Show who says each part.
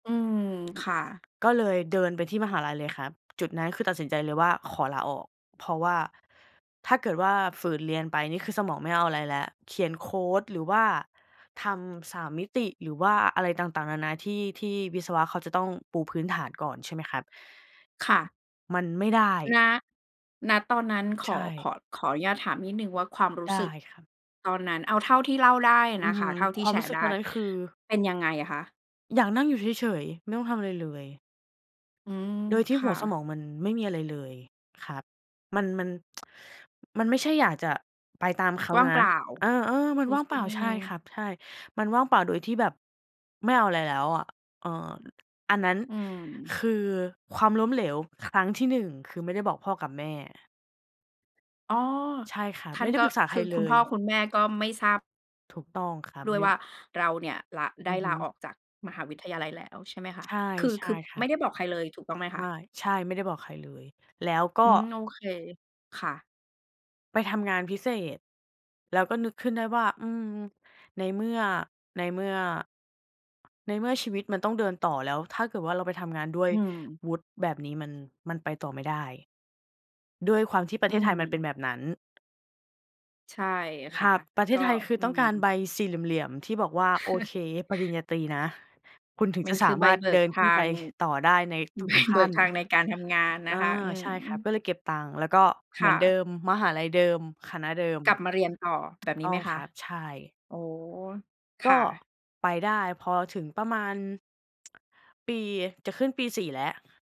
Speaker 1: อืม ค่ะ
Speaker 2: ก็เลยเดินไปที่มหาลัยเลยครับ จุดนั้นคือตัดสินใจเลยว่าขอลาออก เพราะว่าถ้าเกิดว่าฝืนเรียนไปนี่คือสมองไม่เอาอะไรแล้ว เขียนโคด หรือว่าทำสามมิติ หรือว่าอะไรต่าง ๆ นา ๆ ที่ ที่วิศวะเขาจะต้องปูพื้นฐานก่อน ใช่ไหมครับ
Speaker 1: ค่ะ
Speaker 2: มันไม่ได้
Speaker 1: ณ ณ ตอนนั้นข
Speaker 2: ใช
Speaker 1: อ ข
Speaker 2: ่
Speaker 1: อ ขออนุญาตถามนิดหนึ่งว่าความรู
Speaker 2: ไ
Speaker 1: ้
Speaker 2: ด
Speaker 1: ส
Speaker 2: ้
Speaker 1: ึก
Speaker 2: ครับ
Speaker 1: ตอนนั้น เอาเท่าที่เล่าได้
Speaker 2: อื
Speaker 1: น
Speaker 2: อ
Speaker 1: ะค
Speaker 2: ฮ
Speaker 1: ะ
Speaker 2: ึ
Speaker 1: เท่าที
Speaker 2: ค
Speaker 1: ่
Speaker 2: วา
Speaker 1: แช
Speaker 2: มรู
Speaker 1: ร
Speaker 2: ้
Speaker 1: ์
Speaker 2: สึ
Speaker 1: ไ
Speaker 2: ก
Speaker 1: ด
Speaker 2: ต
Speaker 1: ้
Speaker 2: อนนั้นคือ
Speaker 1: เป็นยังไงอะคะ?
Speaker 2: อยากนั่งอยู่เฉย ๆ ไม่ต้องทำอะไรเลย
Speaker 1: อืม
Speaker 2: โดยที
Speaker 1: ค
Speaker 2: ่ห
Speaker 1: ่
Speaker 2: ัวส
Speaker 1: ะ
Speaker 2: มองมันไม่มีอะไรเลยครับ มัน มัน มันไม่ใช่อยากจะไปตามเขา
Speaker 1: ว่าง
Speaker 2: นะ
Speaker 1: เปล่า
Speaker 2: เออ ๆ มัน
Speaker 1: รู้
Speaker 2: ว่างเ
Speaker 1: ซ
Speaker 2: ป
Speaker 1: ึ
Speaker 2: ล
Speaker 1: ้
Speaker 2: ่
Speaker 1: ง
Speaker 2: า
Speaker 1: อือ
Speaker 2: ใช
Speaker 1: ฮ
Speaker 2: ่
Speaker 1: ึ
Speaker 2: ครับ ใช่ มันว่างเปล่าโดยที่แบบไม่เอาอะไรแล้วอะ เออ อันนั้น
Speaker 1: อืม
Speaker 2: คือ ความล้มเหลวครั้งที่ 1 คือไม่ได้บอกพ่อกับแม่
Speaker 1: อ้อ
Speaker 2: ใช่ครั
Speaker 1: ท
Speaker 2: บ
Speaker 1: ่
Speaker 2: ไ
Speaker 1: า
Speaker 2: ม
Speaker 1: น
Speaker 2: ่ได้
Speaker 1: ก็
Speaker 2: ปรึกษา
Speaker 1: ค
Speaker 2: ใค
Speaker 1: ื
Speaker 2: ร
Speaker 1: อ
Speaker 2: เ
Speaker 1: ค
Speaker 2: ล
Speaker 1: ุณพ่
Speaker 2: ย
Speaker 1: อคุณแม่ก็ไม่ทราบ
Speaker 2: ถูกต้องครับ
Speaker 1: ด้
Speaker 2: ไ
Speaker 1: วย
Speaker 2: ม่
Speaker 1: ว่าเราเนี่ย ลา ไ
Speaker 2: อ
Speaker 1: ด
Speaker 2: ื
Speaker 1: ้
Speaker 2: อฮึ
Speaker 1: ลาออกจากมหาวิทยาลัยแล้วใช่ไหมคะ?
Speaker 2: ใช่
Speaker 1: คือ
Speaker 2: ใช
Speaker 1: ค
Speaker 2: ่
Speaker 1: ือ
Speaker 2: คร
Speaker 1: ไ
Speaker 2: ั
Speaker 1: ม
Speaker 2: บ
Speaker 1: ่ได้บอกใครเลยถูกต้องไหมค
Speaker 2: ไ
Speaker 1: ะ?
Speaker 2: ม่ ใช่ ไม่ได้บอกใครเลย แล้วก็
Speaker 1: อืม โอเค ค่ะ
Speaker 2: ไปทำงานพิเศษ แล้วก็นึกขึ้นได้ว่า อืม ในเมื่อ ในเมื่อ ในเมื่อชีวิตมันต้องเดินต่อ แล้วถ้าเกิดว่าเราไปทำงานด้วย
Speaker 1: อืม
Speaker 2: วุฒิแบบนี้ มัน มันไปต่อไม่ได้ ด้วยความที่ประ
Speaker 1: อ
Speaker 2: เ
Speaker 1: ื
Speaker 2: ทศไทยมันเป็น
Speaker 1: ม
Speaker 2: แบบนั้น
Speaker 1: ใช่
Speaker 2: ค
Speaker 1: ค่
Speaker 2: ร
Speaker 1: ะ
Speaker 2: ับ ประเท
Speaker 1: ก็
Speaker 2: ศไทยคือ
Speaker 1: อื
Speaker 2: ต้องการ
Speaker 1: ม
Speaker 2: ใบสี่เหลี่ยม ๆ ที่บอกว่า โอเค ปริญญาตรีนะ คุณถึง
Speaker 1: ม
Speaker 2: จ
Speaker 1: ั
Speaker 2: ะ
Speaker 1: น
Speaker 2: ส
Speaker 1: คื
Speaker 2: า
Speaker 1: อใ
Speaker 2: ม
Speaker 1: บ
Speaker 2: ารถ
Speaker 1: เบ
Speaker 2: เ
Speaker 1: ิ
Speaker 2: ด
Speaker 1: ก
Speaker 2: ิน
Speaker 1: ท
Speaker 2: ขึ้น
Speaker 1: า
Speaker 2: ไป
Speaker 1: ง
Speaker 2: ต่อได้ใน
Speaker 1: ใ
Speaker 2: ท
Speaker 1: บ
Speaker 2: ุก ๆ ข
Speaker 1: เบิ
Speaker 2: ั้
Speaker 1: ก
Speaker 2: น
Speaker 1: ทางในการทำงานน
Speaker 2: อา
Speaker 1: ะคะ อื
Speaker 2: ใช
Speaker 1: ม
Speaker 2: ่ครับ ก็เลยเก็บตังค์ แล้วก็เ
Speaker 1: ค
Speaker 2: หมื
Speaker 1: ่
Speaker 2: อนเดิ
Speaker 1: ะ
Speaker 2: ม มหาลัยเดิม คณะเดิม
Speaker 1: กลับมาเรียนต่อ แ
Speaker 2: ถ
Speaker 1: บ
Speaker 2: ูก
Speaker 1: บนี
Speaker 2: ต
Speaker 1: ้
Speaker 2: ้อ
Speaker 1: ไห
Speaker 2: ง
Speaker 1: มค
Speaker 2: ค
Speaker 1: ะ?
Speaker 2: รับ ใช่
Speaker 1: อ๋อ
Speaker 2: ก
Speaker 1: ค่
Speaker 2: ็
Speaker 1: ะ
Speaker 2: ไปได้พอถึงประมาณ ปี จะขึ้นปี 4 แล้ว